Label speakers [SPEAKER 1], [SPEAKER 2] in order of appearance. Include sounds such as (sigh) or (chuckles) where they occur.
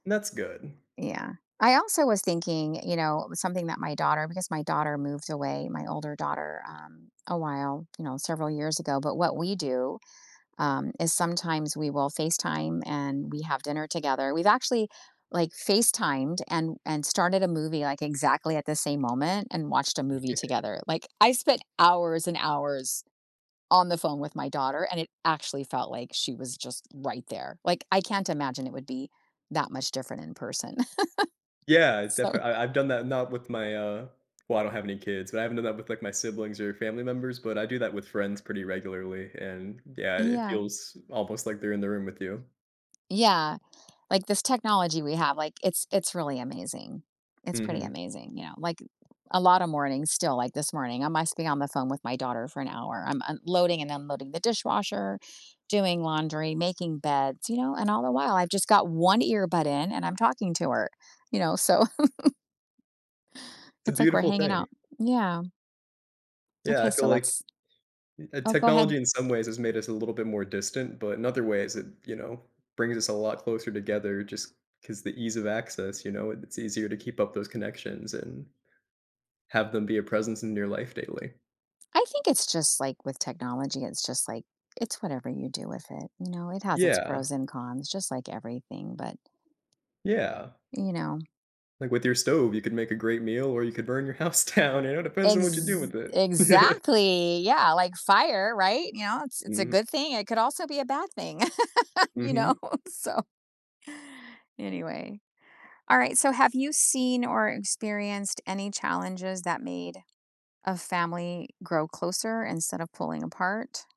[SPEAKER 1] That's good.
[SPEAKER 2] Yeah. I also was thinking, you know, something that my daughter because my daughter moved away, my older daughter, um, a while, you know, several years ago, but what we do, um, is sometimes we will FaceTime and we have dinner together. We've actually, like, FaceTimed and and started a movie, like, exactly at the same moment, and watched a movie
[SPEAKER 1] Yeah.
[SPEAKER 2] together. Like, I spent hours and hours on the phone with my daughter, and it actually felt, like, she was just right there, like, I can't imagine it would be that much different in person. (laughs)
[SPEAKER 1] Yeah,
[SPEAKER 2] So
[SPEAKER 1] definitely I I've done that, not with my, uh well, I don't have any kids, but I haven't done that with, like, my siblings or family members, but I do that with friends pretty regularly, and yeah, it
[SPEAKER 2] Yeah.
[SPEAKER 1] feels almost like they're in the room with you.
[SPEAKER 2] Yeah, like, this technology we have, like, it's it's really amazing. It's pretty
[SPEAKER 1] Mhm.
[SPEAKER 2] amazing, you know, like, a lotta mornings still, like, this morning, I must have been on the phone with my daughter for an hour, I'm unloading and unloading the dishwasher, doing laundry, making beds, you know, and all the while I've just got 1 earbud in and I'm talking to her, you know, so (chuckles)
[SPEAKER 1] It's a
[SPEAKER 2] It's like we're
[SPEAKER 1] beautiful
[SPEAKER 2] hanging
[SPEAKER 1] thing.
[SPEAKER 2] out, yeah.
[SPEAKER 1] Yeah, I
[SPEAKER 2] Okay,
[SPEAKER 1] feel,
[SPEAKER 2] so
[SPEAKER 1] like,
[SPEAKER 2] let's
[SPEAKER 1] eh,
[SPEAKER 2] Oh, go ahead.
[SPEAKER 1] technology in some ways has made us a little bit more distant, but in other ways it, you know, brings us a lot closer together just 'cause the ease of access, you know, it's easier to keep up those connections, and have them be a presence in your life daily.
[SPEAKER 2] I think it's just, like, with technology, it's just, like, it's whatever you do with it, you know, it has its
[SPEAKER 1] Yeah.
[SPEAKER 2] pros and cons just like everything, but,
[SPEAKER 1] Yeah.
[SPEAKER 2] you know
[SPEAKER 1] Like, with your stove, you could make a great meal or you could burn your house down, you know, it depends on what you do
[SPEAKER 2] Ex
[SPEAKER 1] with it. Yeah.
[SPEAKER 2] exactly, yeah, like fire, right, you know, it's it's a
[SPEAKER 1] Mhm.
[SPEAKER 2] good thing, it could also be a bad thing, (laughs) you know,
[SPEAKER 1] Mhm.
[SPEAKER 2] so Anyway, all right, so, have you seen or experienced any challenges that made a family grow closer instead of pulling apart?